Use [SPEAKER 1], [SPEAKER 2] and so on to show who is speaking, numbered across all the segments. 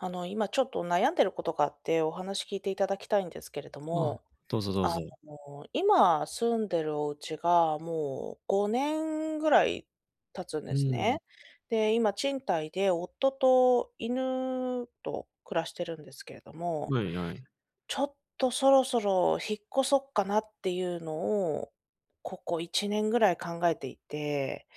[SPEAKER 1] あの、今、ちょっと悩んでることがあって、お話聞いていただきたいんですけれど
[SPEAKER 2] あ、
[SPEAKER 1] も。
[SPEAKER 2] どうぞどう
[SPEAKER 1] あ
[SPEAKER 2] ぞ。
[SPEAKER 1] の、今、住んでるお家がもう、5年ぐらい経つん
[SPEAKER 2] う
[SPEAKER 1] です
[SPEAKER 2] ーん。
[SPEAKER 1] ね。で、今、賃貸で夫と犬と暮らしてるんですけれども。
[SPEAKER 2] まい、やい。
[SPEAKER 1] ちょっと、そろそろ引っ越そっかなっていうのを、ここ1年ぐらい考えていて。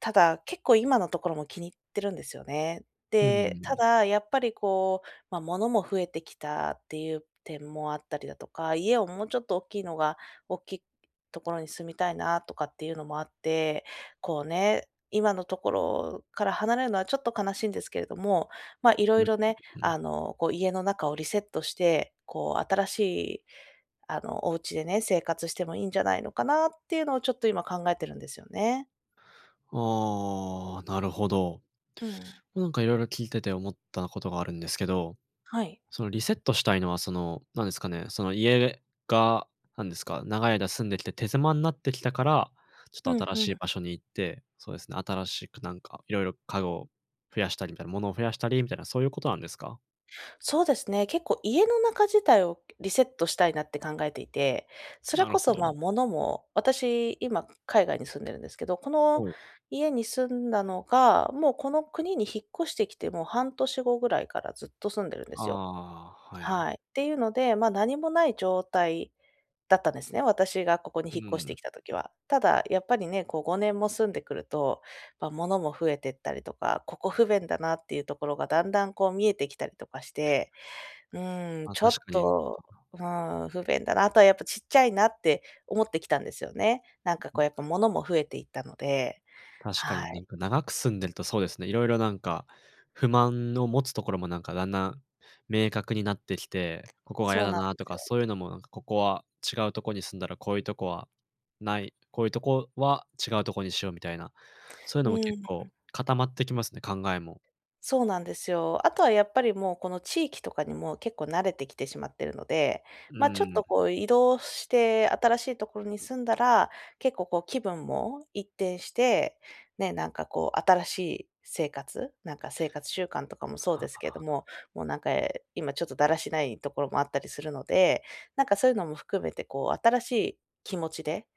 [SPEAKER 1] ただ、結構、今のところも気に入ってるんですよね。
[SPEAKER 2] うー
[SPEAKER 1] で、た
[SPEAKER 2] ん。
[SPEAKER 1] だ、やっぱり、こう、ま、物も増えてきたっていう点もあったりだとか、家をもうちょっと大きいのが大きいところに住みたいな、とかっていうのもあって。こうね、今のところから離れるのは、ちょっと悲しいんですけれども。ま、色
[SPEAKER 2] うん
[SPEAKER 1] 々ね、
[SPEAKER 2] うんう
[SPEAKER 1] あ
[SPEAKER 2] ん。
[SPEAKER 1] の、こう、家の中をリセットして、こう、新しい、あの、お家でね、生活してもいいんじゃないのかなっていうのを、ちょっと今考えてるんですよね。
[SPEAKER 2] ああ、なるほど。
[SPEAKER 1] うん。
[SPEAKER 2] なんか、色々聞いてて、思ったことがあるんですけど。
[SPEAKER 1] はい。
[SPEAKER 2] その、リセットしたいのは、その、なんですかね、その、家が、何ですか、長い間住んできて、手狭んなってきたから、ち
[SPEAKER 1] ふ
[SPEAKER 2] ょっ
[SPEAKER 1] ん
[SPEAKER 2] と新
[SPEAKER 1] ふ
[SPEAKER 2] しい
[SPEAKER 1] ん。
[SPEAKER 2] 場所に行って、そうですね、新しくなんか、いろいろ家具を増やしたりみたいな、ものを増やしたりみたいな、そういうことなんですか？
[SPEAKER 1] そうですね。結構、家の中自体を、リセットしたいなって考えていて。そ
[SPEAKER 2] な
[SPEAKER 1] れ
[SPEAKER 2] る
[SPEAKER 1] こ
[SPEAKER 2] ほ
[SPEAKER 1] そ、ま、
[SPEAKER 2] ど。
[SPEAKER 1] 物も、私、今、海外に住んでるんですけど、この
[SPEAKER 2] はい。
[SPEAKER 1] 家に住んだのがもう、この国に引っ越してきてもう、半年後ぐらいからずっと住んでるんで
[SPEAKER 2] あ
[SPEAKER 1] すよ。
[SPEAKER 2] あ、はい、あ。
[SPEAKER 1] はい。っていうので、ま、何もない状態だったんですね、私がここに
[SPEAKER 2] う
[SPEAKER 1] 引っ越して
[SPEAKER 2] ん。
[SPEAKER 1] きた時は。ただ、やっぱりね、こう5年も住んでくると、ま、物も増えてったりとか、ここ不便だなっていうところが、だんだん、こう、見えてきたりとかして。うーん、
[SPEAKER 2] ま、
[SPEAKER 1] ちょっ
[SPEAKER 2] 確かに。
[SPEAKER 1] と、うーん、不便だな、あとは、やっぱ、ちっちゃいなって、思ってきたんですよね。なんかこう、やっぱ、物も増えていったので。
[SPEAKER 2] 確か
[SPEAKER 1] は
[SPEAKER 2] に。な
[SPEAKER 1] い。
[SPEAKER 2] んか、長く住んでるとそうですね、いろいろなんか、不満の持つところも、なんか、だんだん明確になってきて、ここが嫌
[SPEAKER 1] そう
[SPEAKER 2] だ
[SPEAKER 1] なん
[SPEAKER 2] な
[SPEAKER 1] で
[SPEAKER 2] と
[SPEAKER 1] す
[SPEAKER 2] か、
[SPEAKER 1] よ。
[SPEAKER 2] そういうのも、なんかここは、違うとこに住んだら、こういうとこは、ない、こういうとこは違うとこにしよう、みたいな。そういう
[SPEAKER 1] う
[SPEAKER 2] のも
[SPEAKER 1] ー
[SPEAKER 2] 結
[SPEAKER 1] ん。
[SPEAKER 2] 構、固まってきますね。考えも。
[SPEAKER 1] そうなんですよ。あとはやっぱり、もう、この地域とかにも、結構慣れてきてしまってるので、
[SPEAKER 2] う
[SPEAKER 1] ま、ちょっ
[SPEAKER 2] ーん。
[SPEAKER 1] とこう、移動して新しいところに住んだら、結構、こう、気分も一転して、ね、なんかこう、新しい生活、なんか、生活習慣とかもそう
[SPEAKER 2] あ
[SPEAKER 1] ですけれど
[SPEAKER 2] あ。
[SPEAKER 1] も、もうなんか、ええ、今ちょっと、だらしないところもあったりするので。なんか、そういうのも含めて、こう、新しい気持ちで、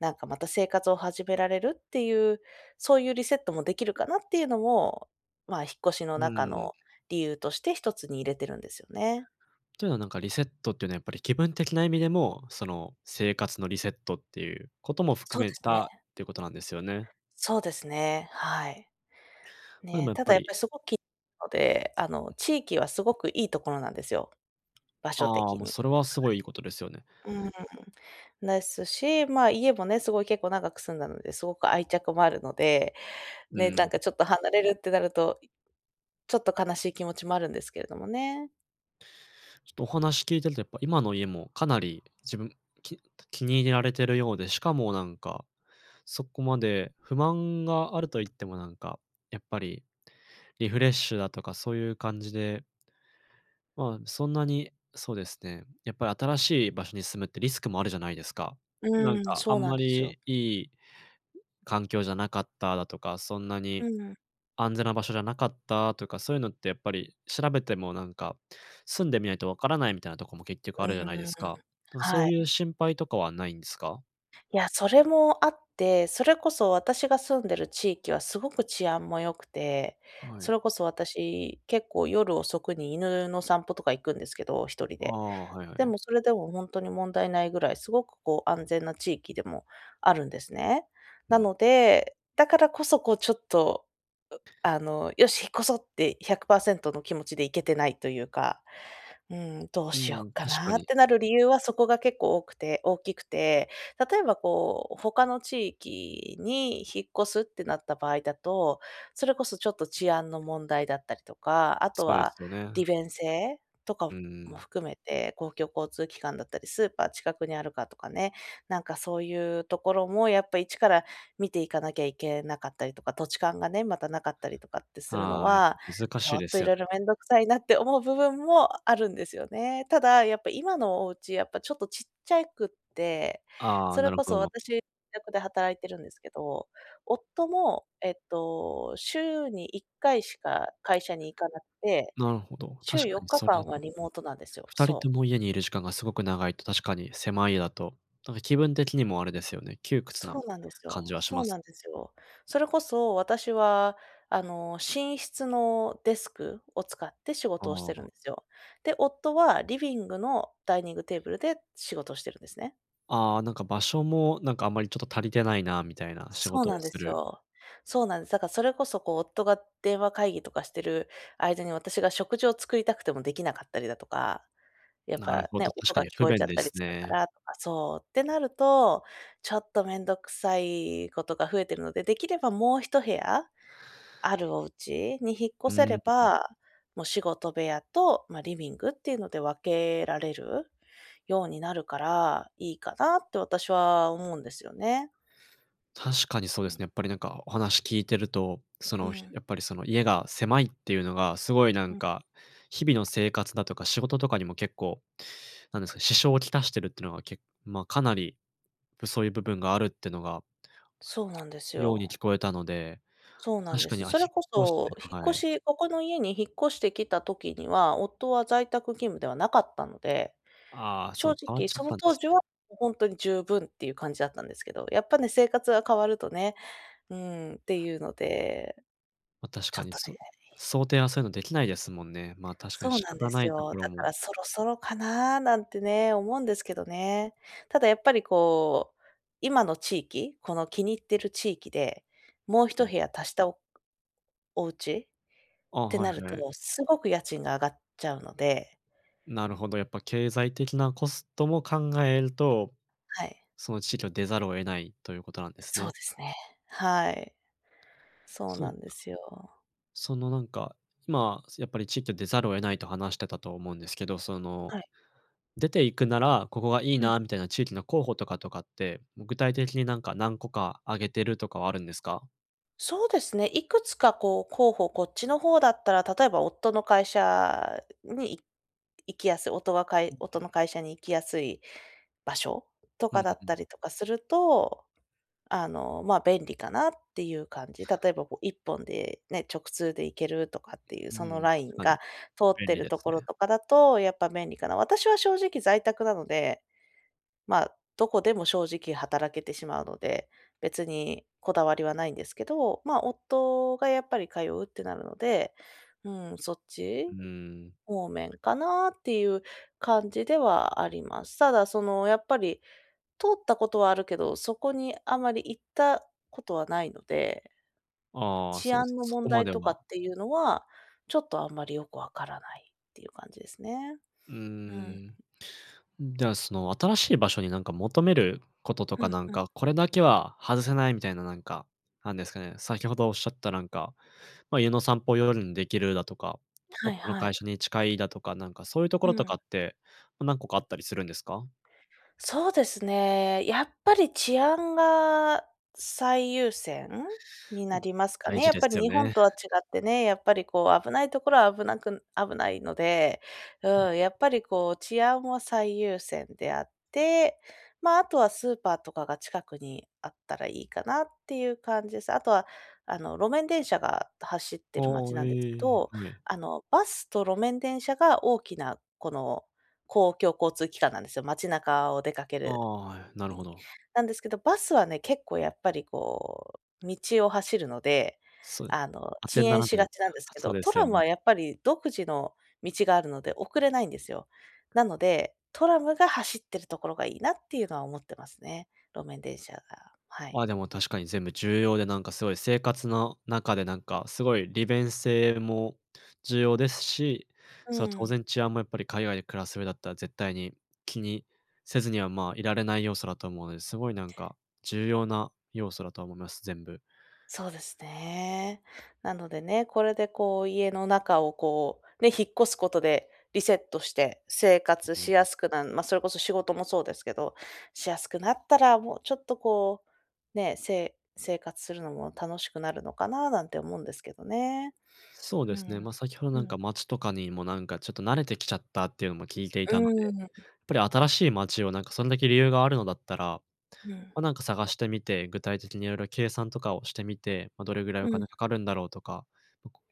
[SPEAKER 1] なんかまた、生活を始められるっていう、そういうリセットもできるかなっていうのも、ま、引っ越しの
[SPEAKER 2] う
[SPEAKER 1] 中
[SPEAKER 2] ーん。
[SPEAKER 1] の理由として、一つに入れているんですよね。
[SPEAKER 2] というのはなんか、リセットっていうのはやっぱり、気分的な意味でも、その、生活のリセットっていうことも含
[SPEAKER 1] そう
[SPEAKER 2] め
[SPEAKER 1] ですね。
[SPEAKER 2] たっていうことなんですよね。
[SPEAKER 1] そうですね、はい。
[SPEAKER 2] ま、でも
[SPEAKER 1] ね。
[SPEAKER 2] やっ
[SPEAKER 1] た
[SPEAKER 2] ぱ
[SPEAKER 1] だ、やっ
[SPEAKER 2] り
[SPEAKER 1] ぱりすごくきので、あの、地域はすごくいいところなんですよ、場所
[SPEAKER 2] あ
[SPEAKER 1] 的
[SPEAKER 2] あ、もう
[SPEAKER 1] に。
[SPEAKER 2] それは、すごいいいことですよね。
[SPEAKER 1] はい。うーん。ねすし、まあ、家もね、すごい結構長く住んだので、すごく愛着もあるので、
[SPEAKER 2] う
[SPEAKER 1] ね、なん
[SPEAKER 2] ん。
[SPEAKER 1] かちょっと、離れるってなると、ちょっと悲しい気持ちもあるんですけれどもね。
[SPEAKER 2] ちょっとお話聞いてると、やっぱ今の家もかなり自分き気に入れられてるようで、しかもなんか、そこまで不満があるといっても、なんか、やっぱりリフレッシュだとか、そういう感じでまあ、そんなに、そうですね、やっぱり新しい場所に住むってリスクもあるじゃないですか。なん
[SPEAKER 1] うん、
[SPEAKER 2] かあ
[SPEAKER 1] そう
[SPEAKER 2] ん
[SPEAKER 1] な
[SPEAKER 2] ま
[SPEAKER 1] んですよ。
[SPEAKER 2] りいい環境じゃなかっただとか、そんなに
[SPEAKER 1] うん。
[SPEAKER 2] 安全な場所じゃなかったとか、そういうのってやっぱり調べてもなんか、住んでみないとわからないみたいなとこも結局あ
[SPEAKER 1] う
[SPEAKER 2] るじゃないで
[SPEAKER 1] ーん、
[SPEAKER 2] すか。とかそ
[SPEAKER 1] は
[SPEAKER 2] う
[SPEAKER 1] い。
[SPEAKER 2] いう心配とかはないんですか？
[SPEAKER 1] いや、それもあって、それこそ私が住んでる地域はすごく治安も良くて、
[SPEAKER 2] は
[SPEAKER 1] そ
[SPEAKER 2] い。
[SPEAKER 1] れこそ私結構夜遅くに犬の散歩とか行くんですけど、1人
[SPEAKER 2] あ
[SPEAKER 1] で。
[SPEAKER 2] あ、はいは
[SPEAKER 1] で
[SPEAKER 2] い。
[SPEAKER 1] もそれでもほんとに問題ないぐらいすごくこう安全な地域でもあるんですね。
[SPEAKER 2] う
[SPEAKER 1] な
[SPEAKER 2] ん。
[SPEAKER 1] ので、だからこそ、こうちょっと、うあの、よし引っ越そうって100%の気持ちで行けてないというか。うん、どう
[SPEAKER 2] う
[SPEAKER 1] しよ
[SPEAKER 2] ん、
[SPEAKER 1] うか
[SPEAKER 2] 確か
[SPEAKER 1] な？っ
[SPEAKER 2] に。
[SPEAKER 1] てなる理由はそこが結構多くて大きくて、例えばこう他の地域に引っ越すってなった場合だと、それこそちょっと治安の問題だったりとか、あと
[SPEAKER 2] そうで
[SPEAKER 1] は
[SPEAKER 2] すよね。
[SPEAKER 1] 利便性とか
[SPEAKER 2] う
[SPEAKER 1] も
[SPEAKER 2] ん。
[SPEAKER 1] 含めて、公共交通機関だったり、スーパー近くにあるかとかね、なんかそういうところもやっぱ一から見ていかなきゃいけなかったりとか、土地勘がね、またなかったりとかってするの
[SPEAKER 2] はあ、や
[SPEAKER 1] は、
[SPEAKER 2] 難
[SPEAKER 1] ち
[SPEAKER 2] し
[SPEAKER 1] ょ
[SPEAKER 2] い
[SPEAKER 1] っ
[SPEAKER 2] で
[SPEAKER 1] と
[SPEAKER 2] す
[SPEAKER 1] い
[SPEAKER 2] よ
[SPEAKER 1] ろ
[SPEAKER 2] ね。
[SPEAKER 1] いろめんどくさいなって思う部分もあるんですよね。ただ、やっぱ今のお家やっぱちょっとちっちゃいくて、
[SPEAKER 2] ああ、
[SPEAKER 1] そ
[SPEAKER 2] な
[SPEAKER 1] れ
[SPEAKER 2] る
[SPEAKER 1] こ
[SPEAKER 2] ほ
[SPEAKER 1] そ
[SPEAKER 2] ど。
[SPEAKER 1] 私自宅で働いているんですけど、夫もえっと週に1回しか会社に行かなくて、
[SPEAKER 2] なるほど、
[SPEAKER 1] 週
[SPEAKER 2] 確
[SPEAKER 1] よ
[SPEAKER 2] か
[SPEAKER 1] っ
[SPEAKER 2] に
[SPEAKER 1] か
[SPEAKER 2] そ
[SPEAKER 1] か
[SPEAKER 2] れだ
[SPEAKER 1] ん
[SPEAKER 2] と
[SPEAKER 1] はリモートなんですよ、
[SPEAKER 2] 2人
[SPEAKER 1] そ
[SPEAKER 2] と
[SPEAKER 1] う。
[SPEAKER 2] も家にいる時間がすごく長いと、確かに狭い家だとなんか気分的にもあれですよね、窮屈
[SPEAKER 1] そ
[SPEAKER 2] な
[SPEAKER 1] うなんです
[SPEAKER 2] 感
[SPEAKER 1] よ、
[SPEAKER 2] じはし
[SPEAKER 1] そ
[SPEAKER 2] ま
[SPEAKER 1] う
[SPEAKER 2] す
[SPEAKER 1] なん
[SPEAKER 2] ね。
[SPEAKER 1] ですよ。それこそ私は、あの、寝室のデスクを使って仕
[SPEAKER 2] あ
[SPEAKER 1] 事をして
[SPEAKER 2] あ。
[SPEAKER 1] いるんすよ。で、夫はリビングのダイニングテーブルで仕事をしてるんですね。
[SPEAKER 2] ああ、なんか場所もなんかあんまりちょっと足りてないなみたいな仕
[SPEAKER 1] そう
[SPEAKER 2] 事
[SPEAKER 1] な
[SPEAKER 2] を
[SPEAKER 1] んで
[SPEAKER 2] す
[SPEAKER 1] す
[SPEAKER 2] る。
[SPEAKER 1] よ、そうなんす。だからそれこそ、こう、夫が電話会議とかしてる間に私が食事を作りたくてもできなかったりだとか、やっ
[SPEAKER 2] なる
[SPEAKER 1] ぱ
[SPEAKER 2] ほ
[SPEAKER 1] ね
[SPEAKER 2] ど、確
[SPEAKER 1] 音
[SPEAKER 2] か
[SPEAKER 1] が
[SPEAKER 2] に
[SPEAKER 1] 聞
[SPEAKER 2] 不
[SPEAKER 1] こえち
[SPEAKER 2] 便
[SPEAKER 1] ゃっ
[SPEAKER 2] で
[SPEAKER 1] たり
[SPEAKER 2] す
[SPEAKER 1] するか
[SPEAKER 2] ね。
[SPEAKER 1] らとか、そうってなると、ちょっと面倒くさいことが増えてるので、できればもう一部屋あるお家に引っ
[SPEAKER 2] うー
[SPEAKER 1] 越せ
[SPEAKER 2] ん、ん、
[SPEAKER 1] れ
[SPEAKER 2] ん。
[SPEAKER 1] ば、も仕事部屋とまリビングっていうので分けられるようになるからいいかなって私は思うんですよね。
[SPEAKER 2] 確かにそうですね。やっぱりなんかお話聞いてると、そ
[SPEAKER 1] う
[SPEAKER 2] のひ
[SPEAKER 1] ん。
[SPEAKER 2] やっぱりその家が狭いっていうのがすごいなん
[SPEAKER 1] うん。
[SPEAKER 2] か、日々の生活だとか、仕事とかにも結構なんですか、支障をきたしているっていうのは、けま、かなりそういう部分があるっていうのが
[SPEAKER 1] そうなんです
[SPEAKER 2] ように
[SPEAKER 1] よ。
[SPEAKER 2] 聞こえたので、
[SPEAKER 1] そうな
[SPEAKER 2] ま、
[SPEAKER 1] ん
[SPEAKER 2] 確
[SPEAKER 1] で
[SPEAKER 2] かに、
[SPEAKER 1] す。
[SPEAKER 2] あ、引
[SPEAKER 1] それこ
[SPEAKER 2] っ越して
[SPEAKER 1] そ引っ
[SPEAKER 2] は
[SPEAKER 1] 越
[SPEAKER 2] い。
[SPEAKER 1] しここの家に引っ越してきた時には、夫は在宅勤務ではなかったので、
[SPEAKER 2] ああ、そ
[SPEAKER 1] 正
[SPEAKER 2] う、変わっ
[SPEAKER 1] 直
[SPEAKER 2] ちゃっ
[SPEAKER 1] その
[SPEAKER 2] たんで
[SPEAKER 1] 当
[SPEAKER 2] す
[SPEAKER 1] 時
[SPEAKER 2] ね。
[SPEAKER 1] はほんとに十分っていう感じだったんですけど、やっぱね生活が変わるとね、うん、っていうので
[SPEAKER 2] ま、確
[SPEAKER 1] ち
[SPEAKER 2] か
[SPEAKER 1] ょっ
[SPEAKER 2] に、
[SPEAKER 1] と
[SPEAKER 2] そ
[SPEAKER 1] ね。
[SPEAKER 2] 想定はそういうのできないですもんね。ま、確か
[SPEAKER 1] そ
[SPEAKER 2] に
[SPEAKER 1] う
[SPEAKER 2] 仕
[SPEAKER 1] なんで
[SPEAKER 2] 方な
[SPEAKER 1] す
[SPEAKER 2] いと
[SPEAKER 1] よ。
[SPEAKER 2] ころ
[SPEAKER 1] だか
[SPEAKER 2] も
[SPEAKER 1] らそろそろかななんてね思うんですけどね。ただやっぱり、こう、今の地域、この気に入ってる地域でもう
[SPEAKER 2] う
[SPEAKER 1] 一
[SPEAKER 2] ん。
[SPEAKER 1] 部屋足した、おお家
[SPEAKER 2] あ、
[SPEAKER 1] って
[SPEAKER 2] は
[SPEAKER 1] な
[SPEAKER 2] い
[SPEAKER 1] る
[SPEAKER 2] は
[SPEAKER 1] と、
[SPEAKER 2] い。
[SPEAKER 1] すごく家賃が上がっちゃうので
[SPEAKER 2] なるほど、やっぱ経済的なコストも考えると、
[SPEAKER 1] はい。
[SPEAKER 2] その地域を出ざるを得ないということなんです
[SPEAKER 1] そう
[SPEAKER 2] ね。
[SPEAKER 1] ですね。はい。そう
[SPEAKER 2] そ
[SPEAKER 1] な
[SPEAKER 2] う
[SPEAKER 1] んですよ。
[SPEAKER 2] そのなんか、今やっぱり地域を出ざるを得ないと話してたと思うんですけど、その、
[SPEAKER 1] はい。
[SPEAKER 2] 出ていくならここがいい
[SPEAKER 1] うん。
[SPEAKER 2] なみたいな地域の候補とかとかって、も具体的になんか何個か挙げてるとかはあるんですか？
[SPEAKER 1] そうですね、いくつか、こう、候補、こっちの方だったら、例えば夫の会社にい行きやすい。夫は
[SPEAKER 2] うんう
[SPEAKER 1] 夫
[SPEAKER 2] ん。
[SPEAKER 1] の会社に行きやすい場所と
[SPEAKER 2] う
[SPEAKER 1] か
[SPEAKER 2] ー
[SPEAKER 1] だっ
[SPEAKER 2] ん。
[SPEAKER 1] たりとかすると、あの、ま、便利かなっていう感じ。例えばこう1本でね、直通で行けるとかっていう
[SPEAKER 2] う
[SPEAKER 1] その
[SPEAKER 2] ん、
[SPEAKER 1] ライン
[SPEAKER 2] 確か
[SPEAKER 1] が
[SPEAKER 2] に、
[SPEAKER 1] 通っ
[SPEAKER 2] 便
[SPEAKER 1] て
[SPEAKER 2] 利
[SPEAKER 1] る
[SPEAKER 2] で
[SPEAKER 1] と
[SPEAKER 2] す
[SPEAKER 1] ころ
[SPEAKER 2] ね。
[SPEAKER 1] とかだと、やっぱ、便利かな。私は正直在宅なので、ま、どこでも正直働けてしまうので、別にこだわりはないんですけど。ま、夫が、やっぱり、通うってなるので、うん、そっち
[SPEAKER 2] うん。
[SPEAKER 1] 方面かなっていう感じではあります。ただ、その、やっぱり、通ったことはあるけど、そこにあまり行ったことはないので
[SPEAKER 2] ああ、
[SPEAKER 1] 治
[SPEAKER 2] そうです、
[SPEAKER 1] 安の
[SPEAKER 2] そこ
[SPEAKER 1] 問
[SPEAKER 2] ま
[SPEAKER 1] 題
[SPEAKER 2] で
[SPEAKER 1] とか
[SPEAKER 2] は。
[SPEAKER 1] っていうのは、ちょっと、あんまり、よくわからないっていう感じですね。
[SPEAKER 2] うー
[SPEAKER 1] うん。
[SPEAKER 2] ん。うん、では、その、新しい場所に、なんか、求めることと
[SPEAKER 1] う
[SPEAKER 2] か、
[SPEAKER 1] ん
[SPEAKER 2] なん
[SPEAKER 1] うん。
[SPEAKER 2] か、これだけは外せないみたいな、なんか、なんですかね、先ほどおっしゃったなんか、ま、家の散歩を夜にできるだとか、
[SPEAKER 1] はい
[SPEAKER 2] 夫の
[SPEAKER 1] は
[SPEAKER 2] 会
[SPEAKER 1] い。
[SPEAKER 2] 社に近いだとか、なんか、そういうとこ
[SPEAKER 1] う
[SPEAKER 2] ろと
[SPEAKER 1] ん。
[SPEAKER 2] かって、何個かあったりするんですか？
[SPEAKER 1] そうですね。やっぱり、治安が最優先？に
[SPEAKER 2] う
[SPEAKER 1] な
[SPEAKER 2] ん、
[SPEAKER 1] りますか
[SPEAKER 2] 大
[SPEAKER 1] ね。
[SPEAKER 2] 事
[SPEAKER 1] やっ
[SPEAKER 2] で
[SPEAKER 1] ぱ
[SPEAKER 2] す
[SPEAKER 1] り、
[SPEAKER 2] よ
[SPEAKER 1] 日本
[SPEAKER 2] ね。
[SPEAKER 1] とは違ってね、やっぱり、こう、危ないところは危なく危ないので。
[SPEAKER 2] うん。
[SPEAKER 1] うん、やっぱり、こう、治安は最優先であって、ま、あとはスーパーとかが近くにあったらいいかなっていう感じです。あとは、あの、路面電車が走って
[SPEAKER 2] あ
[SPEAKER 1] いる街
[SPEAKER 2] あ、へ
[SPEAKER 1] なんですけ
[SPEAKER 2] え、
[SPEAKER 1] ど、
[SPEAKER 2] はい。
[SPEAKER 1] あのバスと路面電車が大きな、この、公共交通機関なんですよ。街中を出かけ
[SPEAKER 2] あ
[SPEAKER 1] る
[SPEAKER 2] あ、はい、なるほど。
[SPEAKER 1] なんですけど、バスはね、結構、やっぱり、こう、道を走るので、
[SPEAKER 2] そう、
[SPEAKER 1] あの、
[SPEAKER 2] あ
[SPEAKER 1] 遅
[SPEAKER 2] てにな
[SPEAKER 1] 延
[SPEAKER 2] ら
[SPEAKER 1] し
[SPEAKER 2] ない、
[SPEAKER 1] がちなんです
[SPEAKER 2] あ、
[SPEAKER 1] け
[SPEAKER 2] そう
[SPEAKER 1] ど、
[SPEAKER 2] で
[SPEAKER 1] ト
[SPEAKER 2] すよ
[SPEAKER 1] ラム
[SPEAKER 2] ね。
[SPEAKER 1] は、やっぱり、独自の道があるので遅れないんですよ。なので、トラムが走ってるところがいいなっていうのは思ってますね、路面電車が、はい。
[SPEAKER 2] まあ、でも確かに全部重要で、なんか、すごい生活の中で、なんか、すごい、利便性も重要ですし、
[SPEAKER 1] う
[SPEAKER 2] そう当
[SPEAKER 1] ん。
[SPEAKER 2] 然治安も、やっぱり、海外で暮らす上だったら絶対に気にせずには、まあ、いられない要素だと思うので、すごい、なんか、重要な要素だと思います、全部。
[SPEAKER 1] そうですね。なのでね、これでこう、家の中を、こうね、引っ越すことでリセットして生活
[SPEAKER 2] う
[SPEAKER 1] し
[SPEAKER 2] ん。
[SPEAKER 1] やすくなんま、それこそ仕事もそうですけど、しやすくなったら、もうちょっと、こうね、せ生活するのも楽しくなるのかななんて思うんですけどね。
[SPEAKER 2] そう
[SPEAKER 1] う
[SPEAKER 2] ですね、
[SPEAKER 1] ん。
[SPEAKER 2] ま、先ほど
[SPEAKER 1] う
[SPEAKER 2] なん
[SPEAKER 1] ん。
[SPEAKER 2] か街とかにもなんかちょっと慣れてきちゃったっていうのも聞いてい
[SPEAKER 1] う
[SPEAKER 2] たので、や
[SPEAKER 1] ー
[SPEAKER 2] っ
[SPEAKER 1] ん。
[SPEAKER 2] ぱり新しい街を、なんか、そんだけ理由があるのだったら、
[SPEAKER 1] うん。
[SPEAKER 2] ま、なんか探してみて、具体的にいろいろ計算とかをしてみて、ま、どれぐらい
[SPEAKER 1] う
[SPEAKER 2] お
[SPEAKER 1] ん。
[SPEAKER 2] 金かかるんだろうとか、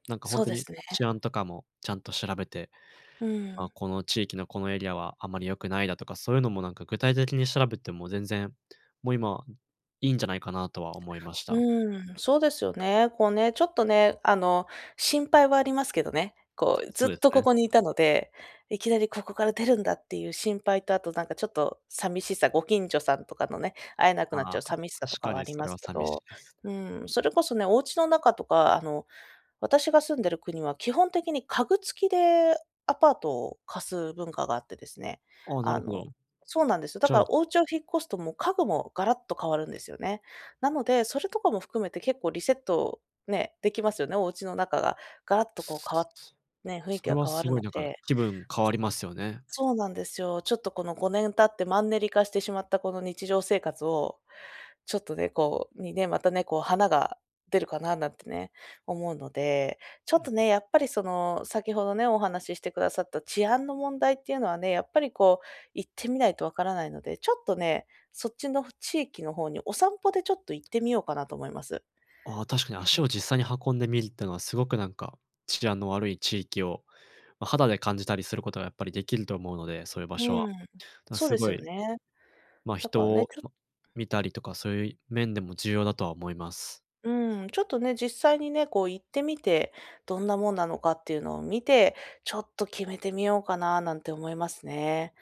[SPEAKER 2] なんか、
[SPEAKER 1] そ
[SPEAKER 2] 本
[SPEAKER 1] う
[SPEAKER 2] 当
[SPEAKER 1] で
[SPEAKER 2] に
[SPEAKER 1] すね。
[SPEAKER 2] 治安とかもちゃんと調べて、
[SPEAKER 1] う
[SPEAKER 2] あ、
[SPEAKER 1] ん。
[SPEAKER 2] この地域のこのエリアはあまり良くないだとか、そういうのもなんか具体的に調べても全然、もう今いいんじゃないかなとは思いまし
[SPEAKER 1] う
[SPEAKER 2] た。
[SPEAKER 1] ーん、そうですよね。こうね、ちょっとね、あの、心配はありますけどね。こう、ず
[SPEAKER 2] そ
[SPEAKER 1] っ
[SPEAKER 2] うです
[SPEAKER 1] と、こ
[SPEAKER 2] ね。
[SPEAKER 1] こにいたので、いきなりここから出るんだっていう心配とあと、なんか、ちょっとさみしさ、ご近所さんとかのね、会えなくなっ
[SPEAKER 2] あ
[SPEAKER 1] ちゃう
[SPEAKER 2] あ、
[SPEAKER 1] さみしさと
[SPEAKER 2] 確
[SPEAKER 1] か
[SPEAKER 2] か
[SPEAKER 1] はあ
[SPEAKER 2] に
[SPEAKER 1] り
[SPEAKER 2] そ
[SPEAKER 1] ま
[SPEAKER 2] れは
[SPEAKER 1] すけ
[SPEAKER 2] さみし
[SPEAKER 1] ど、
[SPEAKER 2] いです。
[SPEAKER 1] うん、それこそね、お家の中とかあの私が住んでる国は基本的に家具付きでアパートを貸す文化があってですね。
[SPEAKER 2] ああ、な
[SPEAKER 1] あ
[SPEAKER 2] るほ
[SPEAKER 1] の、
[SPEAKER 2] ど。
[SPEAKER 1] そうなんですよ。だ
[SPEAKER 2] じゃ
[SPEAKER 1] か
[SPEAKER 2] あ
[SPEAKER 1] らお家を引っ越すともう家具もガラッと変わるんですよね。なので、それとかも含めて結構リセットね、できますよね、お家の中がガラッとこう変わ
[SPEAKER 2] そ
[SPEAKER 1] ね、雰囲気
[SPEAKER 2] れ
[SPEAKER 1] が
[SPEAKER 2] は
[SPEAKER 1] 変わ
[SPEAKER 2] す
[SPEAKER 1] る
[SPEAKER 2] ご
[SPEAKER 1] の
[SPEAKER 2] いなんか、
[SPEAKER 1] で。
[SPEAKER 2] 気分変わりますよね。
[SPEAKER 1] そうなんですよ。ちょっとこの、5年経ってマンネリ化してしまったこの日常生活をちょっとね、こう、にね、またね、こう花が出るかななんてね、思うので。ちょ
[SPEAKER 2] うん
[SPEAKER 1] っ
[SPEAKER 2] う
[SPEAKER 1] と
[SPEAKER 2] ん。
[SPEAKER 1] ね、やっぱり、その、先ほどね、お話ししてくださった治安の問題っていうのはね、やっぱり、こう、行ってみないとわからないので、ちょっとね、そっちの地域の方にお散歩でちょっと行ってみようかなと思います。
[SPEAKER 2] ああ、確かに
[SPEAKER 1] う
[SPEAKER 2] 足
[SPEAKER 1] ん。
[SPEAKER 2] を実際に運んでみるってのはすごく、なんか、治安の悪い地域を、ま、肌で感じたりすることがやっぱりできると思うので、そういう場所
[SPEAKER 1] う
[SPEAKER 2] は、
[SPEAKER 1] ん、
[SPEAKER 2] でも
[SPEAKER 1] そう
[SPEAKER 2] す
[SPEAKER 1] です
[SPEAKER 2] ご
[SPEAKER 1] よ
[SPEAKER 2] い
[SPEAKER 1] ね。
[SPEAKER 2] まあ、
[SPEAKER 1] だか
[SPEAKER 2] 人
[SPEAKER 1] らね、
[SPEAKER 2] を、
[SPEAKER 1] ちょっ
[SPEAKER 2] ま、見たりとか、そういう面でも重要だとは思います。
[SPEAKER 1] うん、ちょっとね、実際にね、こう、行ってみてどんなもんなのかっていうのを見て、ちょっと、決めてみようかななんて思いますね。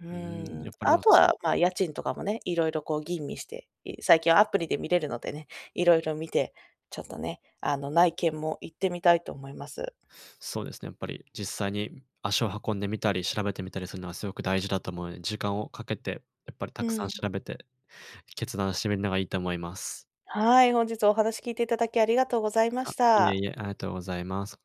[SPEAKER 1] う
[SPEAKER 2] うーん、
[SPEAKER 1] ー
[SPEAKER 2] や
[SPEAKER 1] ん。
[SPEAKER 2] っぱりな
[SPEAKER 1] あ
[SPEAKER 2] ん
[SPEAKER 1] とは、ま、家賃とかもね、色々こう吟味して、い最近はアプリで見れるのでね、色々見て、ちょっとね、あの内見も行ってみたいと思います。
[SPEAKER 2] そうですね、やっぱり、実際に足を運んでみたり調べてみたりするのはすごく大事だと思うので、時間をかけてやっぱりた
[SPEAKER 1] う
[SPEAKER 2] くさん
[SPEAKER 1] ん。
[SPEAKER 2] 調べて、決断してみるのがいいと思います。
[SPEAKER 1] はい、本日はお話聞いていただきありがとうございまし
[SPEAKER 2] あ、いえ
[SPEAKER 1] た。
[SPEAKER 2] いえ、ありがとうございます。